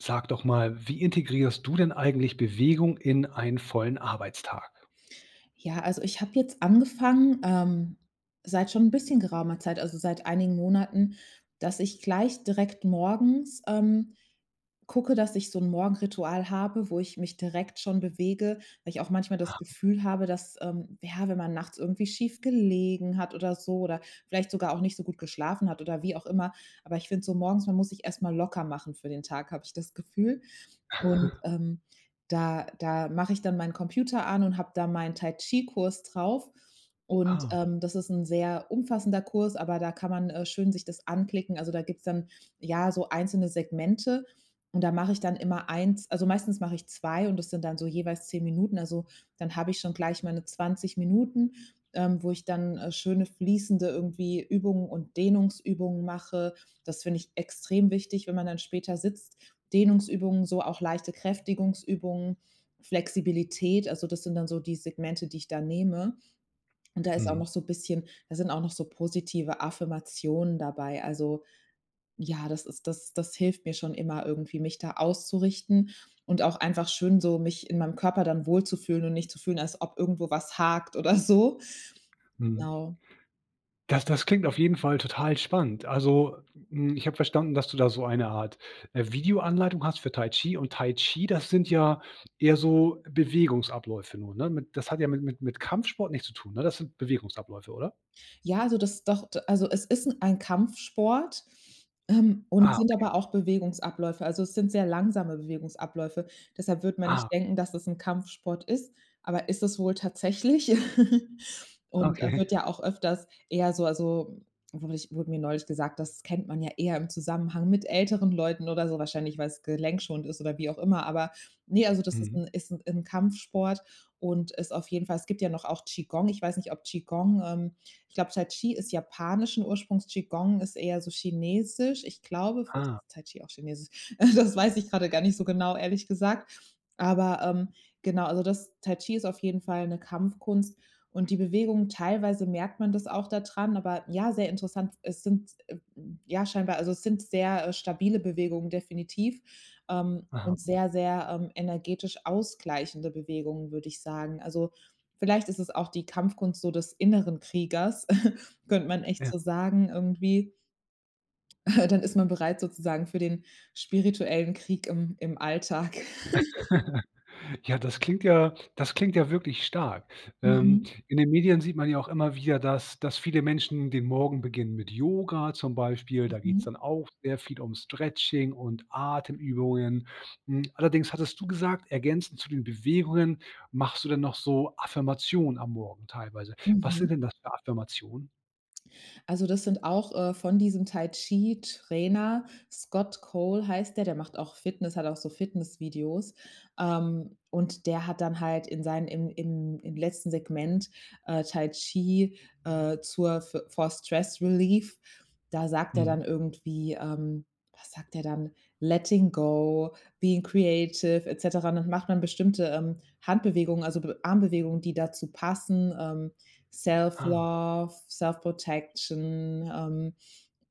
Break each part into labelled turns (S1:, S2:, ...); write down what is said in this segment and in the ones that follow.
S1: Sag doch mal, wie integrierst du denn eigentlich Bewegung in ein vollen Arbeitstag?
S2: Ja, also, ich habe jetzt angefangen, ähm, seit schon 'n bisschen geraumer Zeit also, seit einigen Monaten, dass ich gleich direkt morgens, ähm, gucke, dass ich so 'n Morgenritual habe, wo ich mich direkt schon bewege. Weil ich auch manchmal das
S1: Aha.
S2: Gefühl habe, dass, ähm ja, wenn man nachts irgendwie schief gelegen hat oder so oder vielleicht sogar auch nicht so gut geschlafen hat oder wie auch immer. Aber ich finde so morgens, man muss sich erst mal locker machen für den Tag, habe ich das Gefühl. Und, ähm, da da mache ich dann meinen Computer an und habe da meinen Tai Chi Kurs drauf. Und,
S1: Ah.
S2: ähm, das ist 'n sehr umfassender Kurs, aber da kann man, äh, schön sich das anklicken. Also, da gibt's dann ja, so einzelne Segmente und da mache ich dann immer 1 also meistens mach ich 2 und das sind dann so jeweils 10 Minuten. Also, dann habe ich schon gleich meine 20 Minuten, ähm, wo ich dann, äh, schöne, fließende irgendwie Übungen und Dehnungsübungen mache. Das finde ich extrem wichtig, wenn man dann später sitzt. Dehnungsübungen, so auch leichte Kräftigungsübungen, Flexibilität. Also, das sind dann so die Segmente, die ich da nehme. Und da ist auch
S1: Mhm.
S2: noch so 'n bisschen da sind auch noch so positive Affirmationen dabei. Also ja, das ist das das hilft mir schon immer irgendwie, mich da auszurichten und auch einfach schön so, mich in meinem Körper dann wohlzufühlen und nicht zu fühlen, als ob irgendwo was hakt oder so.
S1: Mhm.
S2: Genau.
S1: Das das klingt auf jeden Fall total spannend. Also, hm, ich habe verstanden, dass du da so eine Art, äh, Videoanleitung hast für Tai Chi und Tai Chi, das sind ja eher so Bewegungsabläufe nur, ne? Mit das hat ja mit mit mit Kampfsport nichts zu tun, ne? Das sind Bewegungsabläufe, oder?
S2: Ja, also das doch, d also es ist 'n ein Kampfsport, ähm, und
S1: Ah,
S2: sind
S1: okay.
S2: aber auch Bewegungsabläufe. Also, es sind sehr langsame Bewegungsabläufe. Deshalb wird man
S1: Ah,
S2: nicht
S1: okay.
S2: denken, dass es 'n Kampfsport ist. Aber ist es wohl tatsächlich und
S1: Okay.
S2: wird ja auch öfters eher so also, wurde ich wurde mir neulich gesagt, das kennt man ja eher im Zusammenhang mit älteren Leuten oder so wahrscheinlich, weil's gelenkschonend ist oder wie auch immer. Aber ne, also das ist
S1: Mhm.
S2: 'n ist 'n 'n Kampfsport und ist auf jeden Fall es gibt ja noch auch Qi Gong. Ich weiß nicht, ob Qi Gong, ähm ich glaube, Tai Chi ist japanischen Ursprungs. Qi Gong ist eher so chinesisch. Ich glaube, vielleicht
S1: Ah.
S2: ist Tai Chi auch chinesisch. Äh, das weiß ich grade gar nicht so genau, ehrlich gesagt. Aber, ähm, genau, also, das Tai Chi ist auf jeden Fall 'ne Kampfkunst und die Bewegungen, teilweise merkt man das auch da dran, aber ja, sehr interessant. Es sind e f ja scheinbar also, es sind sehr, äh, stabile Bewegungen definitiv, ähm,
S1: Aha.
S2: und sehr, sehr, ähm, energetisch ausgleichende Bewegungen, würde ich sagen. Also, vielleicht ist es auch die Kampfkunst so des inneren Kriegers, könnte man echt
S1: Ja.
S2: so sagen irgendwie dann ist man bereit sozusagen für den spirituellen Krieg im im Alltag.
S1: Ja, das klingt ja das klingt ja wirklich stark. Ähm,
S2: Mhm.
S1: in den Medien sieht man ja auch immer wieder, dass dass viele Menschen den Morgen beginnen mit Yoga zum Beispiel. Da geht's
S2: Mhm.
S1: dann auch sehr viel um Stretching und Atemübungen. Hm, allerdings hattest du gesagt, ergänzend zu den Bewegungen, machst du dann noch so Affirmationen am Morgen teilweise. Was
S2: Mhm.
S1: sind denn das für Affirmationen?
S2: Also, das sind auch, äh, von diesem Tai-Chi-Trainer Scott Cole heißt der. Der macht auch Fitness, hat auch so Fitnessvideos. Ähm, und der hat dann halt in seinen im in im letzten Segment, äh, Tai Chi, äh, zur fo for Stress Relief, da sagt er
S1: Mhm.
S2: dann irgendwie, ähm Was sagt er dann? „Letting go, being creative“, et cetera. Und dann macht man bestimmte, ähm, Handbewegungen, also B Armbewegungen, die dazu passen, ähm: self
S1: Ah.
S2: love, self protection, ähm.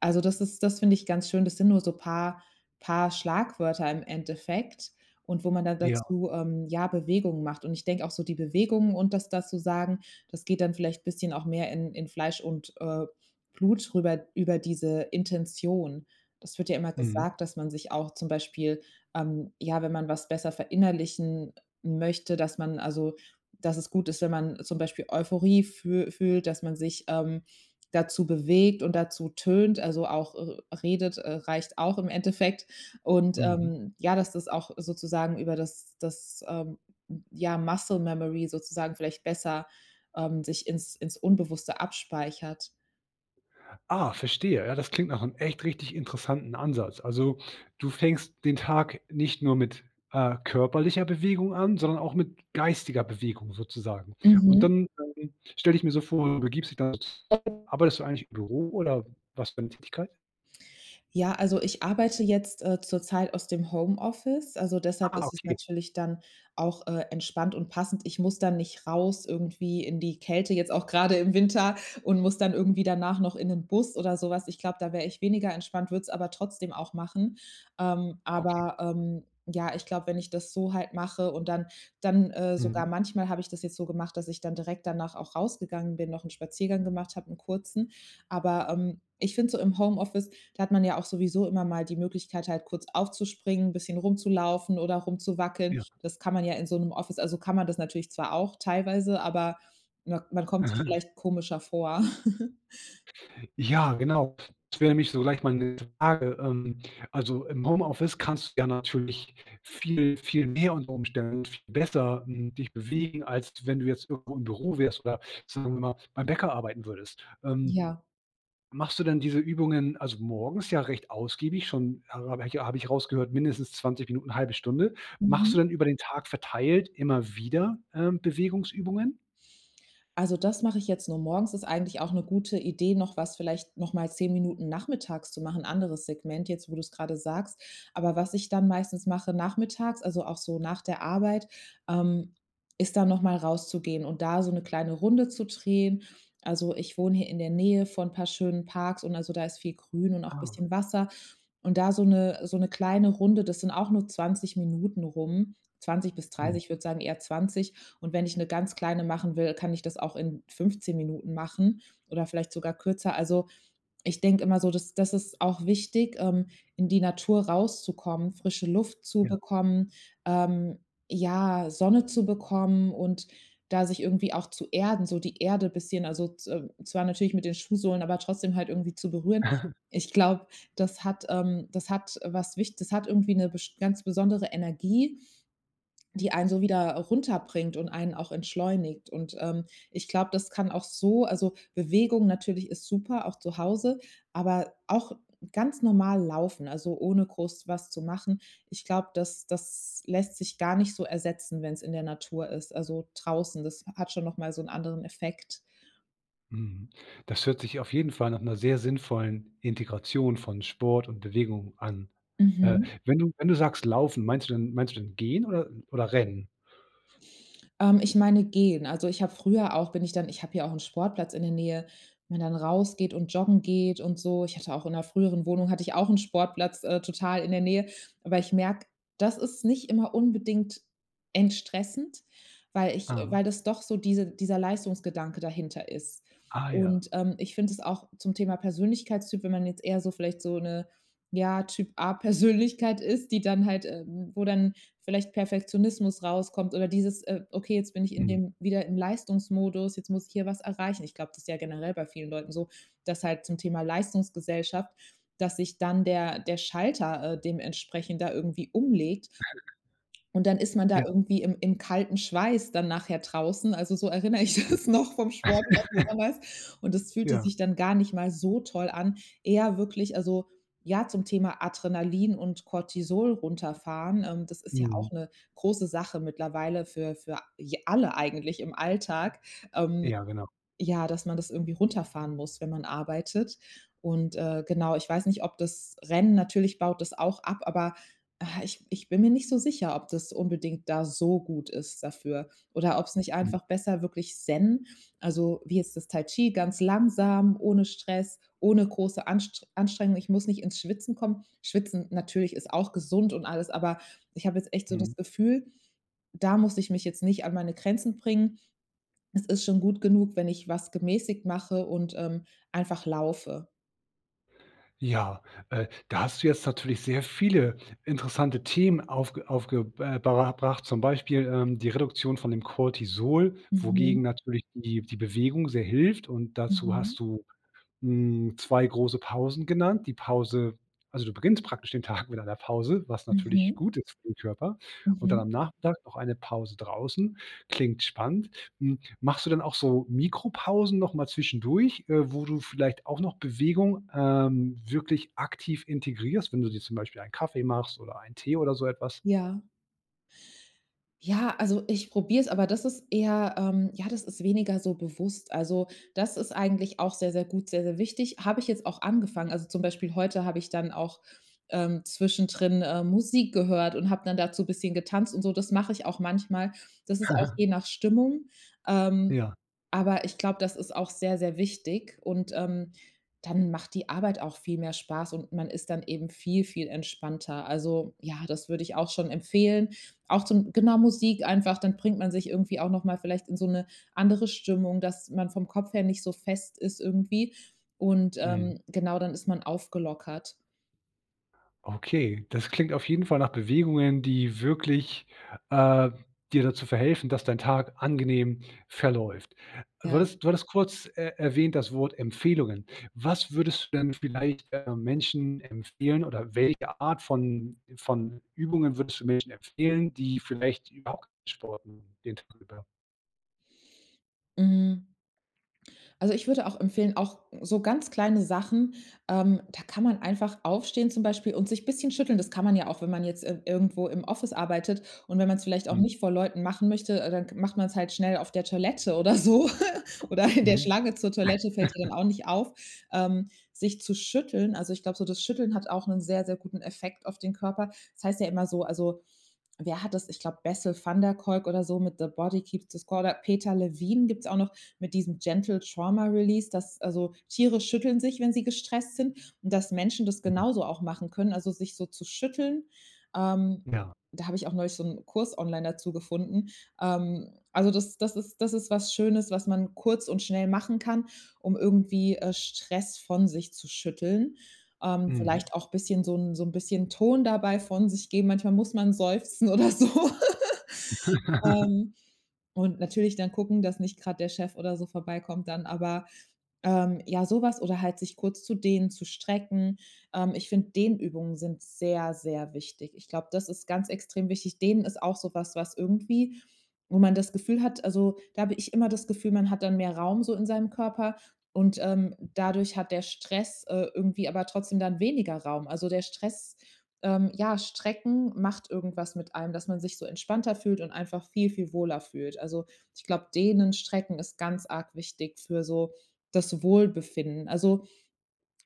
S2: Also, das ist das finde ich ganz schön. Das sind nur so paar paar Schlagwörter im Endeffekt und wo man dann
S1: Ja.
S2: dazu, ähm, ja, Bewegungen macht. Und ich denke auch so, die Bewegungen und das da zu sagen, das geht dann vielleicht bisschen auch mehr in in Fleisch und, äh, Blut rüber, über diese Intention. Das wird ja immer
S1: Mhm.
S2: gesagt, dass man sich auch zum Beispiel, ähm, ja, wenn man was besser verinnerlichen, äh, möchte, dass man also, dass es gut ist, wenn man zum Beispiel Euphorie füh fühlt, dass man sich, ähm, dazu bewegt und dazu tönt, also auch, äh, redet, äh, reicht auch im Endeffekt. Und,
S1: Mhm.
S2: ähm, ja, dass das auch sozusagen über das das, ähm, ja, Muscle Memory sozusagen vielleicht besser, ähm, sich ins ins Unbewusste abspeichert.
S1: Ah, verstehe. Ja, das klingt nach 'nem echt richtig interessanten Ansatz. Also, du fängst den Tag nicht nur mit, äh, körperlicher Bewegung an, sondern auch mit geistiger Bewegung sozusagen. Und
S2: Mhm.
S1: dann, ähm, stelle ich mir so vor, du. [unintelligible] Arbeitest du eigentlich im Büro oder was für 'ne Tätigkeit?
S2: Ja, also ich arbeite jetzt, äh, zurzeit aus dem Homeoffice. Also, deshalb
S1: Ah,
S2: ist es
S1: okay.
S2: natürlich dann auch, äh, entspannt und passend. Ich muss dann nicht raus irgendwie in die Kälte, jetzt auch grade im Winter und muss dann irgendwie danach noch in 'nen Bus oder so was. Ich glaube, da wäre ich weniger entspannt, würde es aber trotzdem auch machen. Ähm,
S1: Okay.
S2: aber, ähm ja, ich glaube, wenn ich das so halt mache und dann dann äh,
S1: Mhm.
S2: sogar manchmal habe ich das jetzt so gemacht, dass ich dann direkt danach auch rausgegangen bin, noch 'n Spaziergang gemacht habe, 'n kurzen. Aber, ähm, ich finde so im Homeoffice, da hat man ja auch sowieso immer mal die Möglichkeit halt kurz aufzuspringen, bisschen rumzulaufen oder rumzuwackeln.
S1: Ja.
S2: Das kann man ja in so 'nem Office, also kann man das natürlich zwar auch teilweise, aber mak man kommt sich
S1: Aha.
S2: vielleicht komischer vor.
S1: Ja, genau. Ich [unintelligible] mich so gleich meine Frage. Ähm, also im Homeoffice kannst du ja natürlich viel, viel mehr unter Umständen viel besser, hm, dich bewegen, als wenn du jetzt irgendwo im Büro wärst oder sagen wir mal beim Bäcker arbeiten würdest. Ähm,
S2: Ja.
S1: machst du denn diese Übungen, also morgens ja recht ausgiebig schon, habe ich habe ich rausgehört mindestens 20 Minuten, 1/2 Stunde. Machst du
S2: Mhm.
S1: denn über den Tag verteilt immer wieder, ähm, Bewegungsübungen?
S2: Also, das mache ich jetzt nur morgens. Ist eigentlich auch 'ne gute Idee, noch was vielleicht noch mal 10 Minuten nachmittags zu machen, anderes Segment jetzt, wo du's grade sagst. Aber was ich dann meistens mache nachmittags, also auch so nach der Arbeit, ähm, ist dann noch mal rauszugehen und da so 'ne kleine Runde zu drehen. Also ich wohne hier in der Nähe von 'n paar schönen Parks und also da ist viel grün und auch
S1: Ah.
S2: bisschen Wasser. Und da so 'ne so 'ne kleine Runde, das sind auch nur 20 Minuten rum, 20 bis
S1: Hm.
S2: 30, würde sagen, eher 20. Und wenn ich 'ne ganz kleine machen will, kann ich das auch in 15 Minuten machen oder vielleicht sogar kürzer. Also, ich denke immer so, das das ist auch wichtig, ähm, in die Natur rauszukommen, frische Luft zu
S1: Ja.
S2: bekommen, ähm, ja, Sonne zu bekommen und da sich irgendwie auch zu erden, so die Erde bisschen, also z zwar natürlich mit den Schuhsohlen, aber trotzdem halt irgendwie zu berühren. Ich glaube, das hat ähm, das hat was wicht das hat irgendwie 'ne best ganz besondere Energie, die einen so wieder, runterbringt und einen auch entschleunigt. Und, ähm, ich glaube, das kann auch so also Bewegung natürlich ist super, auch zu Hause, aber auch ganz normal laufen, also ohne groß was zu machen. Ich glaube, das das lässt sich gar nicht so ersetzen, wenn's in der Natur ist. Also draußen, das hat schon noch mal so 'n anderen Effekt.
S1: Mhm, das hört sich auf jeden Fall nach 'ner sehr sinnvollen Integration von Sport und Bewegung an. Äh,
S2: Mhm.
S1: wenn du wenn du sagst laufen, meinst du dann meinst du dann gehen oder oder rennen?
S2: Ähm, ich meine gehen. Also, ich habe früher auch bin ich dann ich habe hier auch 'n Sportplatz in der Nähe, wenn dann raus geht und joggen geht und so. Ich hatte auch in 'ner früheren Wohnung hatte ich auch 'n Sportplatz, äh, total in der Nähe. Aber ich merke, das ist nicht immer unbedingt entstressend, weil ich
S1: Ah.
S2: weil das doch so diese dieser Leistungsgedanke dahinter ist.
S1: Ah ja.
S2: Und, ähm, ich finde es auch zum Thema Persönlichkeitstyp, wenn man jetzt eher so vielleicht so 'ne, ja Typ A Persönlichkeit ist, die dann halt, ähm, wo dann vielleicht Perfektionismus rauskommt oder dieses, äh: „Okay, jetzt bin ich in
S1: Mhm.
S2: dem wieder im Leistungsmodus, jetzt muss ich hier was erreichen.“ Ich glaube, das ja generell bei vielen Leuten so, dass halt zum Thema Leistungsgesellschaft, dass sich dann der der Schalter, äh, dementsprechend da irgendwie umlegt und dann ist man da
S1: Ja.
S2: irgendwie im im kalten Schweiß dann nachher draußen. Also so erinnere ich das noch vom Sport von damals. Und das fühlte
S1: Ja.
S2: sich dann gar nicht mal so toll an. Eher wirklich, also ja, zum Thema Adrenalin und Cortisol runterfahren, ähm, das ist ja
S1: Mhm.
S2: auch 'ne große Sache mittlerweile für für j alle eigentlich im Alltag, ähm,
S1: Ja, genau.
S2: ja, dass man das irgendwie runterfahren muss, wenn man arbeitet. Und, äh, genau, ich weiß nicht, ob das Rennen natürlich baut das auch ab, aber, ah, ich ich bin mir nicht so sicher, ob das unbedingt da so gut ist dafür. Oder ob's nicht
S1: Hm.
S2: einfach besser wirklich Zen also wie jetzt das Tai-Chi ganz langsam, ohne Stress, ohne große Anst Anstrengung, ich muss nicht ins Schwitzen kommen. Schwitzen natürlich ist auch gesund und alles, aber ich habe jetzt echt so das
S1: Mhm.
S2: Gefühl, da muss ich mich jetzt nicht an meine Grenzen bringen. Es ist schon gut genug, wenn ich was gemäßigt mache und, ähm, einfach laufe.
S1: Ja, äh, da hast du jetzt natürlich sehr viele interessante Themen aufge aufge äh, ber erbracht, zum Beispiel, ähm, die Reduktion von dem Cortisol,
S2: Mhm.
S1: wogegen natürlich die die Bewegung sehr hilft und dazu
S2: Mhm.
S1: hast du hm, 2 große Pausen genannt. Die Pause also du beginnst praktisch den Tag mit einer Pause, was natürlich
S2: Mhm.
S1: gut ist für den Körper und dann
S2: Mhm.
S1: am Nachmittag noch eine Pause draußen. Klingt spannend. Hm, machst du denn auch so Mikropausen noch mal zwischendurch, äh, wo du vielleicht auch noch Bewegung, ähm, wirklich aktiv integrierst, wenn du dir zum Beispiel einen Kaffee machst oder einen Tee oder so etwas?
S2: Ja. Ja, also, ich probiere es, aber das ist eher, ähm ja, das ist weniger so bewusst. Also, das ist eigentlich auch sehr, sehr gut, sehr, sehr wichtig. Habe ich jetzt auch angefangen. Also, zum Beispiel heute habe ich dann auch, ähm, zwischendrin, ähm, Musik gehört und habe dann dazu bisschen getanzt und so. Das mache ich auch manchmal. Das ist auch je nach Stimmung. Ähm,
S1: Ja.
S2: aber ich glaube, das ist auch sehr, sehr wichtig. Und, ähm, dann macht die Arbeit auch viel mehr Spaß und man ist dann eben viel, viel entspannter. Also, ja, das würde ich auch schon empfehlen. Auch zum genau, Musik einfach, dann bringt man sich irgendwie auch noch mal vielleicht in so 'ne andere Stimmung, dass man vom Kopf her nicht so fest ist irgendwie. Und,
S1: Mhm.
S2: ähm, genau, dann ist man aufgelockert.
S1: Okay, das klingt auf jeden Fall nach Bewegungen, die wirklich, äh, dir dazu verhelfen, dass dein Tag angenehm verläuft. Würdest du
S2: Ja.
S1: hattest du hattest kurz, äh, erwähnt das Wort Empfehlungen. Was würdest du denn vielleicht, äh, Menschen empfehlen oder welche Art von von Übungen würdest du Menschen empfehlen, die vielleicht überhaupt kein Sport machen den Tag über?
S2: Hm also, ich würde auch empfehlen auch, so ganz kleine Sachen. Ähm, da kann man einfach aufstehen zum Beispiel und sich bisschen schütteln. Das kann man ja auch, wenn man jetzt, äh, irgendwo im Office arbeitet. Und wenn man's vielleicht auch
S1: Mhm.
S2: nicht vor Leuten machen möchte, dann g macht man's halt schnell auf der Toilette oder so. Oder in der
S1: Mhm.
S2: Schlange zur Toilette fällt ja dann auch nicht auf, ähm, sich zu schütteln. Also, ich glaube so, das Schütteln hat auch 'nen sehr, sehr guten Effekt auf den Körper. Das heißt ja immer so also, wer hat das ich glaube Bessel van der Kolk oder so mit „The Body keeps the score“, oder Peter Levine gibt's auch noch mit diesem „Gentle trauma release“, dass also Tiere schütteln sich, wenn sie gestresst sind. Und dass Menschen das
S1: Mhm.
S2: genauso auch machen können, also, sich so zu schütteln. Ähm,
S1: Ja.
S2: da habe ich auch neulich so 'n Kurs online dazu gefunden. Ähm, also, das das ist das ist was Schönes, was man kurz und schnell machen kann, um irgendwie, äh, Stress von sich zu schütteln. Ähm,
S1: Mhm.
S2: vielleicht auch bisschen so 'n so 'n bisschen Ton dabei von sich geben. Manchmal muss man seufzen oder so. Ähm, und natürlich dann gucken, dass nicht grad der Chef oder so vorbeikommt dann. Aber, ähm ja, so was oder halt sich kurz zu dehnen, zu strecken. Ähm, ich finde Dehnübungen sind sehr, sehr wichtig. Ich glaube, das ist ganz extrem wichtig. Dehnen ist auch so was, was irgendwie wo man das Gefühl hat also, da habe ich immer das Gefühl, man hat dann mehr Raum so in seinem Körper und, ähm, dadurch hat der Stress, äh, irgendwie aber trotzdem dann weniger Raum. Also, der Stress ähm, ja, Strecken macht irgendwas mit einem, dass man sich so entspannter fühlt und einfach viel, viel wohler fühlt. Also, ich glaube, Dehnen, Strecken ist ganz arg wichtig für so das Wohlbefinden. Also,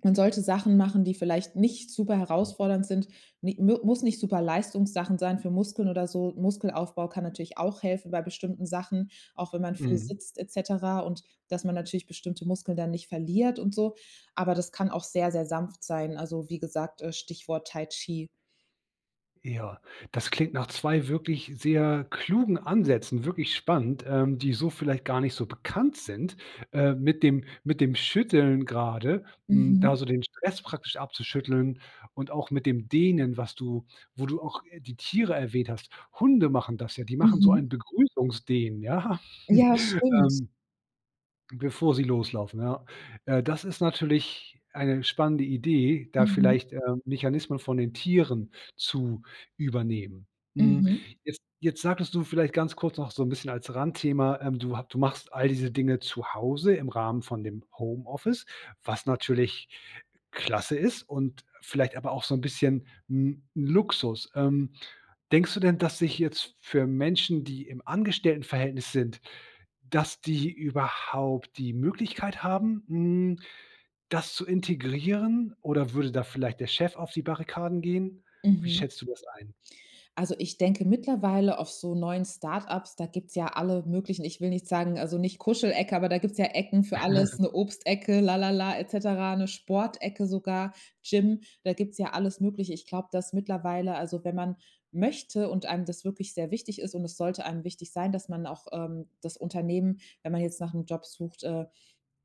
S2: man sollte Sachen machen, die vielleicht nicht super
S1: Mhm.
S2: herausfordernd sind. Ni mu muss nicht Superleistungssachen sein für Muskeln oder so. Muskelaufbau kann natürlich auch helfen bei bestimmten Sachen, auch wenn man viel
S1: Mhm.
S2: sitzt et cetera und dass man natürlich bestimmte Muskeln dann nicht verliert und so. Aber das kann auch sehr, sehr sanft sein. Also, wie gesagt, äh, Stichwort Tai Chi.
S1: Ja, das klingt nach 2 wirklich sehr klugen Ansätzen, wirklich spannend, ähm, die so vielleicht gar nicht so bekannt sind. Äh, mit dem mit dem Schütteln gerade, hm, da
S2: Mhm.
S1: so den Stress praktisch abzuschütteln und auch mit dem Dehnen, was du wo du auch, äh, die Tiere erwähnt hast. Hunde machen das ja, die machen so ein
S2: Mhm.
S1: Begrüßungsdehnen, ja,
S2: Ja, stimmt.
S1: ähm, bevor sie loslaufen, ja. Äh, das ist natürlich eine spannende Idee, da
S2: Mhm.
S1: vielleicht, äh, Mechanismen von den Tieren zu übernehmen. Hm,
S2: Mhm.
S1: jetzt jetzt sagtest du vielleicht ganz kurz noch so 'n bisschen als Randthema, ähm, du hab du machst all diese Dinge zu Hause im Rahmen von dem Homeoffice, was natürlich klasse ist und vielleicht aber auch so 'n bisschen, hm, 'n Luxus. Ähm, denkst du denn, dass sich jetzt für Menschen, die im Angestelltenverhältnis sind, dass die überhaupt die Möglichkeit haben, hm, das zu integrieren, oder würde da vielleicht der Chef auf die Barrikaden gehen? Wie
S2: Mhm.
S1: schätzt du das ein?
S2: Also ich denke mittlerweile auf so neuen Start-ups, da gibt's ja alle möglichen ich will nicht sagen also nicht Kuschelecke, aber da gibt's ja Ecken für alles, 'ne Obstecke, la la la et cetera, 'ne Sportecke sogar, Gym. Da gibt's ja alles Mögliche. Ich glaube, dass mittlerweile also wenn man möchte und einem das wirklich sehr wichtig ist und es sollte einem wichtig sein, dass man auch, ähm, das Unternehmen, wenn man jetzt nachm Job sucht, äh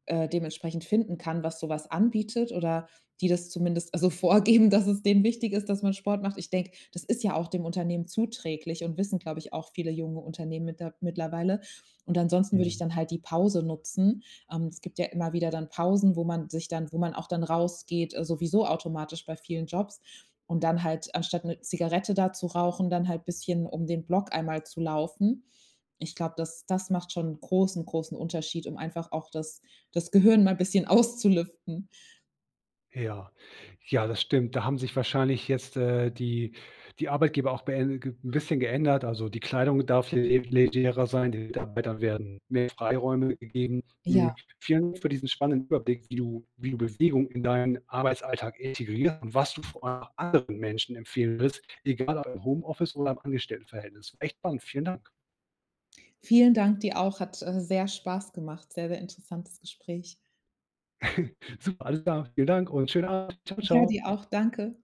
S2: äh, dementsprechend finden kann, was so was anbietet oder die das zumindest also vorgeben, dass es denen wichtig ist, dass man Sport macht. Ich denke, das ist ja auch dem Unternehmen zuträglich und wissen, glaube ich, auch viele junge Unternehmen mitter mittlerweile. Und ansonsten würde ich
S1: Mhm.
S2: dann halt die Pause nutzen. Ähm, es gibt ja immer wieder dann Pausen, wo man sich dann wo man auch dann rausgeht, äh, sowieso automatisch bei vielen Jobs. Und dann halt anstatt 'ne Zigarette da zu rauchen, dann halt bisschen um den Block einmal zu laufen. Ich glaube, das das macht schon 'n großen großen Unterschied, um einfach auch das das Gehirn mal 'n bisschen auszulüften.
S1: Ja, ja, das stimmt. Da haben sich wahrscheinlich jetzt äh, die die Arbeitgeber auch bee ge 'n bisschen geändert. Also die Kleidung darf le le legerer sein, den Mitarbeitern werden mehr Freiräume gegeben.
S2: Ja.
S1: Hm, vielen Dank für diesen spannenden Überblick, wie du wie du Bewegung in deinen Arbeitsalltag integriert und was du vor allem auch anderen Menschen empfehlen würdest, egal ob im Homeoffice oder im Angestelltenverhältnis. Echt spannend, vielen Dank.
S2: Vielen Dank, dir auch. Hat, äh, sehr Spaß gemacht. Sehr sehr interessantes Gespräch.
S1: Super, alles klar. Vielen Dank und schönen Abend. Ciao
S2: Ja,
S1: ciao.
S2: dir auch. Danke.